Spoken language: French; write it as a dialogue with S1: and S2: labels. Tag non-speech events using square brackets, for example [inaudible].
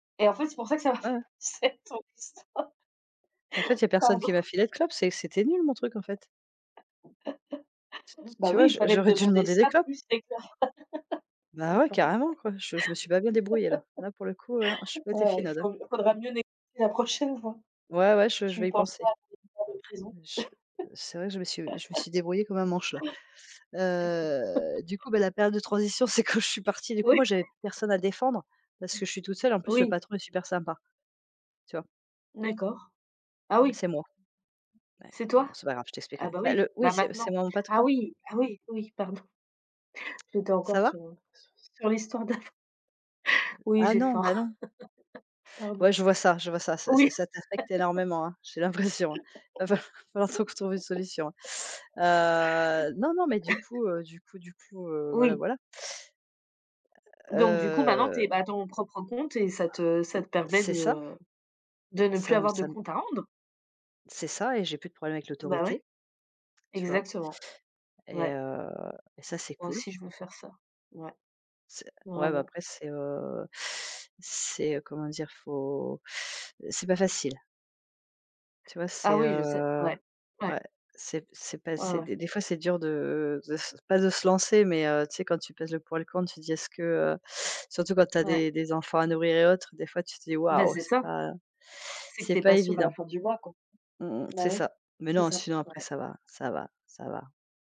S1: Et en fait, c'est pour ça que ça m'a fait
S2: Ouais.
S1: penser à ton histoire.
S2: En fait, il y a personne qui
S1: Pardon.
S2: m'a filé de clope, c'est que c'était nul mon truc en fait. T t
S1: [laughs] Bah
S2: tu vois,
S1: oui, il
S2: je
S1: fallait me
S2: j'aurais dû
S1: demander
S2: demander des
S1: ça
S2: clopes.
S1: plus c'est clair. [laughs]
S2: Bah
S1: C'est
S2: ouais,
S1: ça.
S2: carrément quoi, je je me suis pas bien débrouillée là. Là pour le coup ouais, non, j'ai
S1: [laughs]
S2: pas été
S1: Ouais, ouais, il
S2: finaude hein.
S1: fau faudra mieux négocier la prochaine fois.
S2: Ouais, ouais, je je
S1: Tu
S2: vais y
S1: penses
S2: penser.
S1: pas à [unintelligible] de prison?
S2: Je heu, c'est vrai que je me suis je me
S1: [laughs]
S2: suis débrouillée comme un manche là. Heu, du
S1: [laughs]
S2: coup, bah la période de transition, c'est quand je suis partie. Du coup,
S1: Oui.
S2: moi, j'avais plus
S1: [laughs]
S2: personne à défendre, parce
S1: Mmh.
S2: que je suis toute seule. En plus, le
S1: Oui.
S2: patron est super sympa. Tu vois?
S1: D'accord. Ah
S2: Mmh,
S1: oui.
S2: c'est moi. Ouais.
S1: C'est
S2: Bon
S1: toi?
S2: c'est pas grave, je
S1: Ah
S2: t'expliquerai.
S1: bah
S2: Ben
S1: oui,
S2: le oui
S1: bah
S2: c'est c'est
S1: maintenant.
S2: mon
S1: Ah
S2: patron.
S1: oui, ah oui, oui, pardon. J'étais encore,
S2: Ça
S1: heu,
S2: va?
S1: sur sur l'histoire d'avant.
S2: Heu
S1: Oui,
S2: ah
S1: j'ai
S2: non,
S1: faim.
S2: ben non.
S1: [laughs]
S2: Ouais,
S1: Pardon.
S2: je vois ça je vois ça. Ça ça
S1: Oui.
S2: ça t'affecte
S1: [laughs]
S2: énormément, hein. J'ai l'impression, hein. Va fal va falloir qu'on t trouve une solution,
S1: [laughs]
S2: hein. Heu, non, non, mais du coup,
S1: [laughs]
S2: heu, du coup du coup, heu, voilà,
S1: Oui.
S2: voilà.
S1: Donc du coup maintenant, tu
S2: Heu.
S1: es à ton propre compte et ça te ça te permet
S2: C'est
S1: de,
S2: ça.
S1: heu, de ne plus
S2: Ça me
S1: avoir de
S2: ça me
S1: compte à rendre?
S2: C'est ça et j'ai plus de problème avec
S1: Bah ouais.
S2: l'autorité. Tu vois?
S1: Exactement.
S2: Et
S1: Ouais.
S2: heu et ça c'est
S1: Moi
S2: cool.
S1: aussi je veux faire ça, ouais.
S2: C'est ouais bah,
S1: Vraiment.
S2: après c'est, heu, c'est comment dire, il faut, heu, c'est pas facile. Tu vois,
S1: Ah
S2: c'est,
S1: oui, je sais,
S2: heu,
S1: ouais, ouais.
S2: ouais, c'est p c'est pas
S1: Ouais,
S2: c'est
S1: ouais.
S2: des des fois c'est dur de de s pas de se lancer, mais, heu, tu sais quand tu pèses le pour et le contre, tu te dis: «Est-ce que, heu» surtout quand tu as
S1: Ouais.
S2: des des enfants à nourrir et autres, des fois tu te dis:
S1: Bah
S2: «Waouh,
S1: c'est
S2: c'est
S1: ça.
S2: pas
S1: C'est que
S2: c'est
S1: tu es
S2: pas
S1: pas sûre à la
S2: évident».
S1: fin du mois quoi.
S2: Mmh mh c'est
S1: Ben oui.
S2: ça, mais
S1: C'est
S2: non
S1: ça,
S2: sinon après
S1: ouais.
S2: ça va. Ça va, ça va.